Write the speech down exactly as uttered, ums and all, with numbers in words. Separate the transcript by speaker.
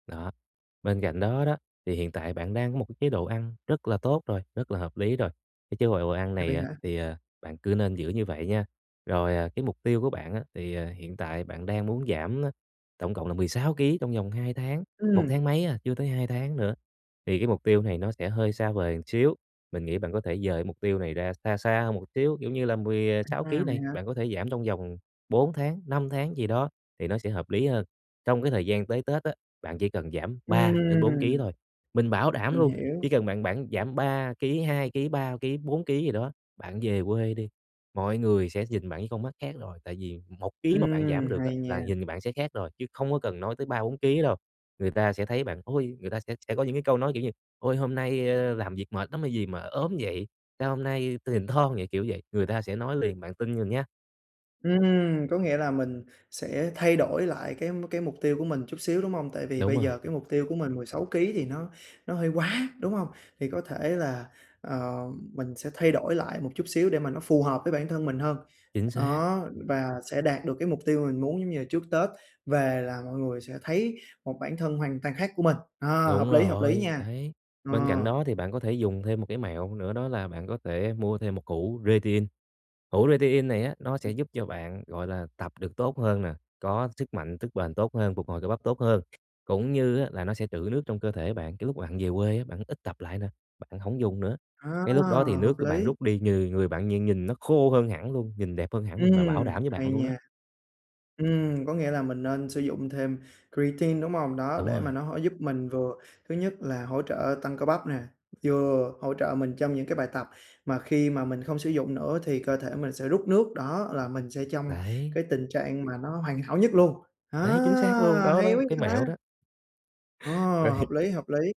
Speaker 1: Đó, bên cạnh đó đó, thì hiện tại bạn đang có một cái chế độ ăn rất là tốt rồi, rất là hợp lý rồi, cái chế độ quợ quờ ăn
Speaker 2: À,
Speaker 1: này
Speaker 2: vậy
Speaker 1: á
Speaker 2: hả?
Speaker 1: thì, ờ, bạn cứ nên giữ như vậy nha. Rồi, ờ, cái mục tiêu của bạn á thì, ờ, hiện tại bạn đang muốn giảm, a, tổng cộng là mười sáu ký trong vòng hai tháng một
Speaker 2: Ừm.
Speaker 1: tháng mấy à, chưa tới hai tháng nữa, thì cái mục tiêu này nó sẽ hơi xa vời một xíu. Mình nghĩ bạn có thể rời cái mục tiêu này ra xa xa hơn một xíu, kiểu như là, mười, à, sáu
Speaker 2: À.
Speaker 1: ký
Speaker 2: Vậy
Speaker 1: này
Speaker 2: hả?
Speaker 1: bạn có thể giảm trong vòng bốn tháng, năm tháng gì đó thì nó sẽ hợp lý hơn. Trong cái thời gian tới Tết á, bạn chỉ cần giảm ba đến bốn ký
Speaker 2: Ừm.
Speaker 1: thôi, mình bảo đảm
Speaker 2: Mình
Speaker 1: luôn,
Speaker 2: hiểu!
Speaker 1: chỉ cần bạn bạn giảm ba ký, hai ký, ba ký, bốn ký gì đó, bạn về quê đi, mọi người sẽ nhìn bạn với con mắt khác rồi. Tại vì một ký mà bạn giảm
Speaker 2: Ừm,
Speaker 1: được á
Speaker 2: hay
Speaker 1: là
Speaker 2: nha!
Speaker 1: nhìn bạn sẽ khác rồi chứ không có cần nói tới ba bốn ký đâu. Người ta sẽ thấy bạn, ôi người ta sẽ sẽ có những cái câu nói kiểu như: "Ôi, hôm nay, ơ, làm việc mệt lắm hay gì mà ốm vậy? Sao hôm nay tui nhìn thon vậy?", kiểu vậy. Người ta sẽ nói liền, bạn tin mình nhá!
Speaker 2: Ừm. Có nghĩa là mình sẽ thay đổi lại cái m cái mục tiêu của mình chút xíu, đúng hông? Tại vì
Speaker 1: Đúng
Speaker 2: bây
Speaker 1: rồi.
Speaker 2: giờ cái mục tiêu của mình mười sáu ký thì nó nó hơi quá, đúng hông? Thì có thể là, ờ, mình sẽ thay đổi lại một chút xíu để mà nó phù hợp với bản thân mình hơn,
Speaker 1: Chính xác.
Speaker 2: đó, và sẽ đạt được cái mục tiêu mình muốn, giống như là trước Tết về là mọi người sẽ thấy một bản thân hoàn toàn khác của mình. Ờ, hợp
Speaker 1: Đúng
Speaker 2: lý, hợp lý
Speaker 1: rồi.
Speaker 2: nha.
Speaker 1: Đấy, bên cạnh
Speaker 2: Ờ.
Speaker 1: đó thì bạn có thể dùng thêm một cái mẹo nữa, đó là bạn có thể mua thêm một hũ rê tê in. Hũ rê tê in này á nó sẽ giúp cho bạn, gọi là, tập được tốt hơn nè, có sức mạnh, sức bền tốt hơn, phục hồi cơ bắp tốt hơn, cũng như á là nó sẽ trữ nước trong cơ thể bạn. Cái lúc bạn về quê, bạn ít tập lại nè, bạn hổng dùng nữa,
Speaker 2: Ờ,
Speaker 1: cái lúc đó thì
Speaker 2: hợp
Speaker 1: nước của bạn
Speaker 2: lý!
Speaker 1: rút đi, người người bạn nhìn nhìn nó khô hơn hẳn luôn, nhìn đẹp hơn hẳn luôn, mà bảo
Speaker 2: Ừm,
Speaker 1: đảm với bạn
Speaker 2: hay
Speaker 1: luôn đó.
Speaker 2: nha. Ừm, có nghĩa là mình nên sử dụng thêm creatine, đúng hông? Đó,
Speaker 1: Đúng
Speaker 2: để mà
Speaker 1: rồi.
Speaker 2: nó h giúp mình vừa thứ nhất là hỗ trợ tăng cơ bắp nè, vừa hỗ trợ mình trong những cái bài tập, mà khi mà mình không sử dụng nữa thì cơ thể mình sẽ rút nước, đó, là mình sẽ trong
Speaker 1: Đấy.
Speaker 2: cái tình trạng mà nó hoàn hảo nhất luôn. Ờ,
Speaker 1: Đấy, chính xác luôn! Đó,
Speaker 2: hay
Speaker 1: đó,
Speaker 2: quá
Speaker 1: một
Speaker 2: vậy
Speaker 1: cái
Speaker 2: ta!
Speaker 1: mẹo đó.
Speaker 2: Ờ,
Speaker 1: Vậy thì
Speaker 2: hợp lý, hợp lý.